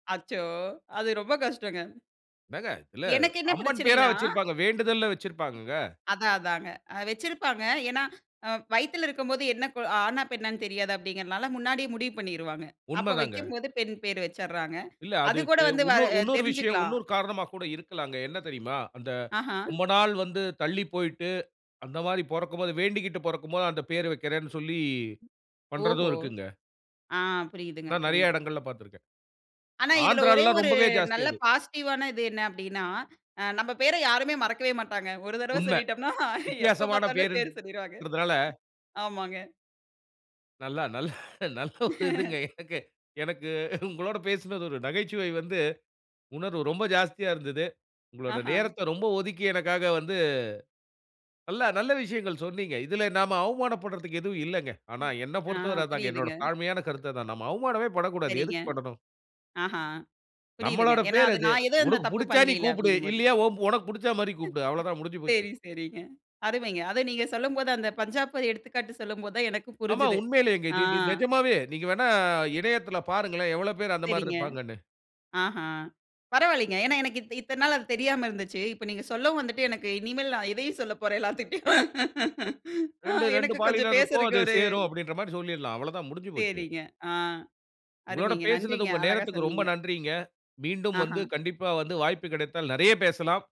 அச்சோ! அது ரொம்ப கஷ்டங்க. என்னங்க? இதுல, எனக்கு என்ன அம்மன் பேரா பிரச்சனைன்னா? வச்சிருப்பாங்க, வேண்டுதல்னு வச்சிருப்பாங்கங்க. அதான் அதான்ங்க. அ வச்சிருப்பாங்க. ஏன்னா வயித்துல இருக்கும்போது என்ன கு ஆணா, பெண்ணான்னு தெரியாது அப்டிங்கறனால முன்னாடியே முடிவு பண்ணீருவாங்க. அப்போ உண்மதாங்க. வெக்கும்போது, பெண் பேரு வச்சிர்றாங்க. இல்ல. அது கூட அதுக்கு வந்து வ உன்னொரு அ உன்னொரு விஷயம் தெரிஞ்சுக்கலாம். உன்னொரு காரணமா கூட இருக்கலாங்க. என்ன தெரியுமா? அந்த ஆஹா. ரொம்ப நாள் வந்து தள்ளி போய்ட்டு, அந்த மாரி பொறக்கும்போது வேண்டிக்கிட்டு பொறக்கும் போது அந்த பேரு வெக்கிறேன்னு சொல்லி பண்றதும் ஓஹோ! இருக்குங்க. ஆ புரியுதுங்க, நான் நெறைய புரியுது. இடங்கள்ல பாத்திருக்கேன். ஆனா, இதில ஒரே ஆந்திராலல்லாம் ஒரு ரொம்பவே ஜாஸ்தி நல்ல அது. பாசிட்டிவ்வான இது என்னா அப்டின்னா, அ நம்ப பேர யாருமே மறக்கவே மாட்டாங்க. ஒரு தரவ உண்ம. சொல்லிட்டோம்ன்னா, எப்போ வித்தியாசமான பாத்தாலும் பேரு சொல்லிருவாங்க பேருன்குறதனால, ஆமாங்க. நல்லா நல்லா நல்ல ஒரு இதுங்க. எனக்கு எனக்கு உங்களோட பேசினது, ஒரு நகைச்சுவை வந்து, உணர்வு ரொம்ப ஜாஸ்தியா இருந்தது. உங்களோட ஆஹ, நேரத்த ரொம்ப ஒதுக்கி எனக்காக வந்து நல்லா நல்ல விஷயங்கள் சொன்னீங்க. இதில நாம அவமானப்படுறதுக்கு எதுவும் இல்லைங்க. ஆனா, என்னப் ஆ, பொருத்தவர அதுதாங்க. என்னோட புரியுதுங்க. தாழ்மையான கருத்து அதான். நம்ம அவமானமே படக்கூடாது. சரிங்க. எதுக்கு படணு? ஆஹா புரியுதுங்க. நம்மளோட ஏன்னா பேர் அது, அது. நான் எதும் அந்த "உனக்கு தப்பு புடிச்சா நீ பண்லைல்ல கூப்புடு. அப்டிங்கும் போது. இல்லையா, ஓன் ஒனக்கு புடிச்சா மாரி கூப்பிடு." அவ்வள தான் முடிஞ்சு போச்சு. சேரி, சேரிங்க அருமைங்க. அத நீங்க சொல்லும்போது, அந்த பஞ்சாப எடுத்துக்காட்டு சொல்லும்போது தான் எனக்கும் ஆமா, புரிஞ்சுது. உண்மையிலேயங்க. ஆ. இது இது நெஜமாவே, நீங்க வேண்ணா, இணையத்தில பாருங்களேன். எவ்வள பேர் அந்த மாரி சேரிங்க. இருப்பாங்கன்னு. ஆஹான். பரவால்லைங்க. ஏன்னா எனக்கு இத்த இத்தன நாளா அது தெரியாம இருந்துச்சு. இப்போ நீங்க சொல்லவும் வந்துட்டு எனக்கு இனிமேல் நான் எதையும் சொல்லப் போறேன் எல்லாத்துட்டயும். அ 2, 2 எனக்கு கொஞ்சம் பாலினருக்கும் பேசுறக்கு அது ஒரு, சேரும், அப்டின்ற மாரி சொல்லிடலாம். அவ்வள தான் முடிஞ்சு போச்சு. சேரிங்க. ஆ, உங்களோட அருமைங்க, பேசினது, நன்றிங்க. உங்க அழகா நேரத்துக்கு ரொம்ப சொன்னீங்க. நன்றிங்க. மீண்டும் வந்து ஆஹான். கண்டிப்பா வந்து வாய்ப்பு கிடைத்தால் நெறைய பேசலாம்.